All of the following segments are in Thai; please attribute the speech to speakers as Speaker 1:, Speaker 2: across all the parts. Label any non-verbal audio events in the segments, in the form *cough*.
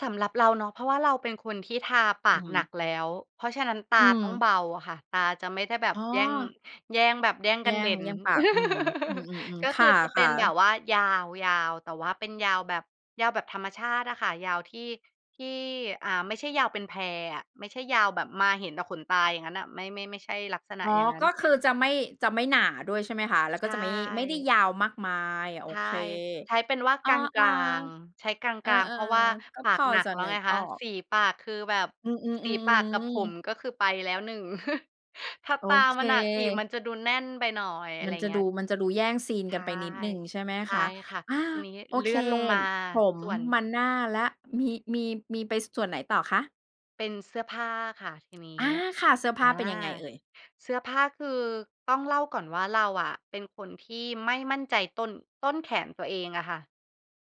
Speaker 1: สำหรับเราเนาะ เพราะว่าเราเป็นคนที่ทาป
Speaker 2: อ
Speaker 1: ากหนั
Speaker 2: ือ
Speaker 1: กแล้ว เพราะฉะนั้นต
Speaker 2: อ
Speaker 1: า
Speaker 2: ื
Speaker 1: ต้อง
Speaker 2: ม
Speaker 1: เบาค่ะ ตาจะไม่ได้แบ
Speaker 2: อ
Speaker 1: บ
Speaker 2: ๋อ
Speaker 1: แย่ง แย่งแบบ แย่งก
Speaker 2: แย
Speaker 1: ั
Speaker 2: ่
Speaker 1: นเด
Speaker 2: ง
Speaker 1: ่น
Speaker 2: แย่งปาก อืม อืม
Speaker 1: *laughs* ก
Speaker 2: ๆ
Speaker 1: ็
Speaker 2: ๆ ค
Speaker 1: คือจะเป็
Speaker 2: ่
Speaker 1: น
Speaker 2: ะ
Speaker 1: แบ
Speaker 2: ๆ
Speaker 1: บว่ายาว ยาว แต่ว่าเป็นยาวแบบ ยาวแบบธรรมชาติอะค่ะ ยาวที่ ที่ อ่า ไม่ใช่ยาวเป็นแพอะ ไม่ใช่ยาวแบบมาเห็นแต่ขนตาอย่างงั้นน่ะ ไม่ ไม่ ไม่ใช่ลักษณะ
Speaker 2: อ๋อ
Speaker 1: อย่างนั้
Speaker 2: ก
Speaker 1: น
Speaker 2: ็คือจะไม่ จะไม่หนาด้วย ใช่ไหมคะ? แล้ว
Speaker 1: ใช
Speaker 2: ก็จะไม่ ไม่ได้
Speaker 1: ่
Speaker 2: ยาวมากมาย โอ
Speaker 1: ใช่
Speaker 2: เค
Speaker 1: ใช้เป็นว่า
Speaker 2: เอ
Speaker 1: ก
Speaker 2: อ
Speaker 1: ลาง
Speaker 2: ๆ
Speaker 1: ๆ ใช้กล
Speaker 2: เออ
Speaker 1: าง ๆ เพราะว่า
Speaker 2: ๆ ก็
Speaker 1: ป
Speaker 2: พ
Speaker 1: าก
Speaker 2: อ
Speaker 1: หนั
Speaker 2: จ
Speaker 1: ก
Speaker 2: ะ
Speaker 1: แล้
Speaker 2: น
Speaker 1: ว
Speaker 2: ึ
Speaker 1: ไง
Speaker 2: ก
Speaker 1: ค
Speaker 2: ออ
Speaker 1: ะ
Speaker 2: ก
Speaker 1: สีปากคือแบบ
Speaker 2: อื
Speaker 1: สีปากกับ
Speaker 2: อ ๆ
Speaker 1: ผ
Speaker 2: ๆ
Speaker 1: ม
Speaker 2: ๆ
Speaker 1: ก็คือไปแล้วหนึ่ง *chuckles* ถ้า
Speaker 2: โอ
Speaker 1: ตา
Speaker 2: เ
Speaker 1: มันหนักอีกม
Speaker 2: ค
Speaker 1: ันจะดูแน่นไปหน่อย อะ
Speaker 2: ม
Speaker 1: ไ
Speaker 2: ั
Speaker 1: ร
Speaker 2: นจะ
Speaker 1: เงี
Speaker 2: ด
Speaker 1: ้
Speaker 2: ู
Speaker 1: ย
Speaker 2: มันจะดูแย่งซีน
Speaker 1: ใช
Speaker 2: กัน
Speaker 1: ่
Speaker 2: ไปนิดหนึ่ง ใช่ไหม
Speaker 1: ใช
Speaker 2: ค
Speaker 1: ่
Speaker 2: ะ?
Speaker 1: ค่ะ
Speaker 2: อา
Speaker 1: ทีนี้
Speaker 2: โอ
Speaker 1: เลื
Speaker 2: เค
Speaker 1: ่อนลงมา
Speaker 2: ผม
Speaker 1: ส่วน
Speaker 2: มาหน้าแล้ว มี มี มีไปส่วนไหนต่อคะ?
Speaker 1: เป็นเสื้อผ้าค่ะ ทีนี้
Speaker 2: อา ค่ะ เสื้อผ
Speaker 1: อ
Speaker 2: ้
Speaker 1: า
Speaker 2: าเป็นยังไงเอ่ย?
Speaker 1: เสื้อผ้าคือ ต้องเล่าก่อนว่า เราอะเป็นคนที่ไม่มั่นใจต้น ต้นแขนตัวเองอะค่ะ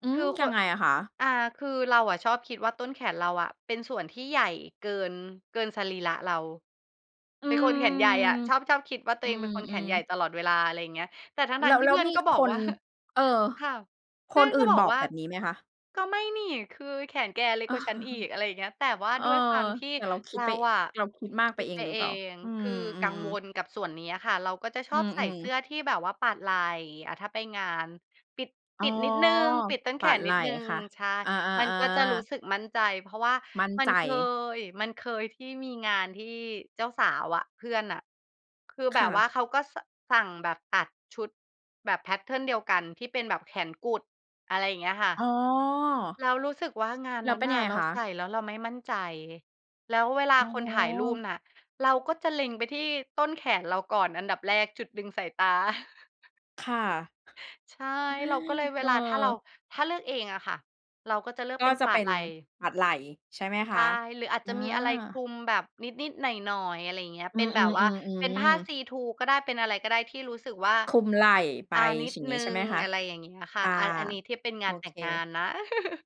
Speaker 2: อื
Speaker 1: คื
Speaker 2: ม
Speaker 1: อค
Speaker 2: ยั
Speaker 1: น
Speaker 2: งไงอะคะ?
Speaker 1: อ่า คือเราอะชอบคิดว่า ต้นแขนเราอะเป็นส่วนที่ใหญ่เกิน เกินสรีระเรา
Speaker 2: อื
Speaker 1: เป็นคนแขนใหญ่อ
Speaker 2: ม
Speaker 1: ะ ชอบ ชอบคิดว่า ตัว
Speaker 2: อื
Speaker 1: เองเป็นคนแข
Speaker 2: ม
Speaker 1: นใหญ่
Speaker 2: ๆ
Speaker 1: ตลอดเวลา อะไรอย่างเงี้ย แต่ทั
Speaker 2: แ
Speaker 1: ้
Speaker 2: ล
Speaker 1: ง
Speaker 2: ้ว
Speaker 1: ๆ ที่
Speaker 2: แล
Speaker 1: เ
Speaker 2: ้
Speaker 1: พ
Speaker 2: ว
Speaker 1: ื่อน
Speaker 2: มี
Speaker 1: ก็บอ
Speaker 2: ค
Speaker 1: ก
Speaker 2: น
Speaker 1: ว่า *chuckles*
Speaker 2: เออ
Speaker 1: ค่ะ เพ
Speaker 2: ค
Speaker 1: ื่อ
Speaker 2: น
Speaker 1: น
Speaker 2: อ
Speaker 1: ก็
Speaker 2: ื่น
Speaker 1: บอ
Speaker 2: บ
Speaker 1: ก
Speaker 2: อก
Speaker 1: ว่า
Speaker 2: แบบนี้ไหมคะ?
Speaker 1: ก็ไม่นี่ คือ แขนแกเล็ก
Speaker 2: อ้
Speaker 1: ก
Speaker 2: อ
Speaker 1: ว่าฉันอีก อะไรอย่างเงี้ย แต่
Speaker 2: *chuckles*
Speaker 1: ว่า
Speaker 2: เออ
Speaker 1: ด้วยความที่
Speaker 2: แต่เราคิ
Speaker 1: เร
Speaker 2: ดไป
Speaker 1: าอะ
Speaker 2: เราคิดมาก
Speaker 1: ค
Speaker 2: ไป
Speaker 1: ิด
Speaker 2: เอ
Speaker 1: ไป
Speaker 2: งหรื
Speaker 1: เ
Speaker 2: อ
Speaker 1: อ
Speaker 2: เปล่า?
Speaker 1: ง
Speaker 2: อื
Speaker 1: คือ
Speaker 2: ม อื
Speaker 1: กัง
Speaker 2: ม
Speaker 1: ว
Speaker 2: ๆ
Speaker 1: ลกับส่วนเนี้ยค่ะ เราก็จะช
Speaker 2: อื
Speaker 1: อบใส่
Speaker 2: อ
Speaker 1: เสื
Speaker 2: ๆ
Speaker 1: ้อที่แบบว่าปาดไหล่ อะ ถ้าไปงาน ปิด
Speaker 2: อ๋
Speaker 1: ป
Speaker 2: อ
Speaker 1: ิดนิดหนึ่ง ปิดต้น
Speaker 2: ป
Speaker 1: แข
Speaker 2: าด
Speaker 1: น
Speaker 2: ไห
Speaker 1: น
Speaker 2: ล
Speaker 1: ิ
Speaker 2: ่
Speaker 1: ดหนึ่ง
Speaker 2: ค่ะ
Speaker 1: ใช่
Speaker 2: อา
Speaker 1: มันก็จะร
Speaker 2: ๆ
Speaker 1: ู้
Speaker 2: ๆ
Speaker 1: สึกมั่นใจ เพราะว่า
Speaker 2: มั่น
Speaker 1: มั
Speaker 2: ใ
Speaker 1: น
Speaker 2: จ
Speaker 1: เคย มันเคยที่มีงานที่เจ้าสาวอะ เพื่อนอะ คือแ
Speaker 2: ค
Speaker 1: บ
Speaker 2: ่
Speaker 1: บว่า
Speaker 2: ะ
Speaker 1: เขาก็ ส สั่งแบบตัดชุดแบบแพตเทิร์นเดียวกัน ที่เป็นแบบแขนกุด อะไรอย่างเงี้ยค่ะ
Speaker 2: อ๋อ
Speaker 1: เรารู้สึกว่างาน
Speaker 2: แล้
Speaker 1: น
Speaker 2: ว
Speaker 1: ั้
Speaker 2: เ
Speaker 1: น
Speaker 2: ป็น
Speaker 1: น
Speaker 2: ยั
Speaker 1: ่
Speaker 2: ง
Speaker 1: ะ
Speaker 2: ไง
Speaker 1: เรา
Speaker 2: ค
Speaker 1: ใส
Speaker 2: ะ?
Speaker 1: ่แล้วเราไม่มั่นใจ แล้วเวลา
Speaker 2: อ๋
Speaker 1: คนถ่ายรูป
Speaker 2: อ
Speaker 1: น่ะ เราก็จะเล็งไปที่ต้นแขนเราก่อนอันดับแรก จุดดึงสายตา *chuckles*
Speaker 2: ค่ะ
Speaker 1: ใช่ เราก็เลยเว
Speaker 2: เออ
Speaker 1: ลาถ้าเรา ถ้าเลือกเองอะค่ะ เราก็จะเลือก
Speaker 2: ก
Speaker 1: เ
Speaker 2: ็
Speaker 1: ป็น
Speaker 2: จะ
Speaker 1: ปา
Speaker 2: เป
Speaker 1: ด
Speaker 2: ็
Speaker 1: ไ
Speaker 2: น
Speaker 1: หล่
Speaker 2: ปาดไหล่ใช่ไหม
Speaker 1: ใ
Speaker 2: ค
Speaker 1: ช่
Speaker 2: ะ?
Speaker 1: หรืออาจ
Speaker 2: อ
Speaker 1: จะมีอะไรคล
Speaker 2: า
Speaker 1: ุมแบบนิด ๆ หน่อย ๆ อะไรอย่างเงี้ย
Speaker 2: อื
Speaker 1: เป็นแบบว่า เป็นผ้
Speaker 2: อ
Speaker 1: า
Speaker 2: ๆ ๆ ๆ
Speaker 1: ซีทรูก็ได้ เป็นอะไรก็ได้ที่รู้สึกว่า
Speaker 2: คลุมไหล่ไป
Speaker 1: อา นิด
Speaker 2: ฉิ่ง
Speaker 1: ห
Speaker 2: ง
Speaker 1: น
Speaker 2: ี
Speaker 1: ึ
Speaker 2: ้
Speaker 1: ่
Speaker 2: ใช่
Speaker 1: ง
Speaker 2: ไหมคะ?
Speaker 1: อะไรอย่างเงี้ยค
Speaker 2: ค
Speaker 1: ่ะ
Speaker 2: ่ะ
Speaker 1: อัน อันนี้ที่เป็น
Speaker 2: โ
Speaker 1: ง
Speaker 2: อ
Speaker 1: านแต
Speaker 2: เ
Speaker 1: ่งงา
Speaker 2: ค
Speaker 1: นนะ *chuckles*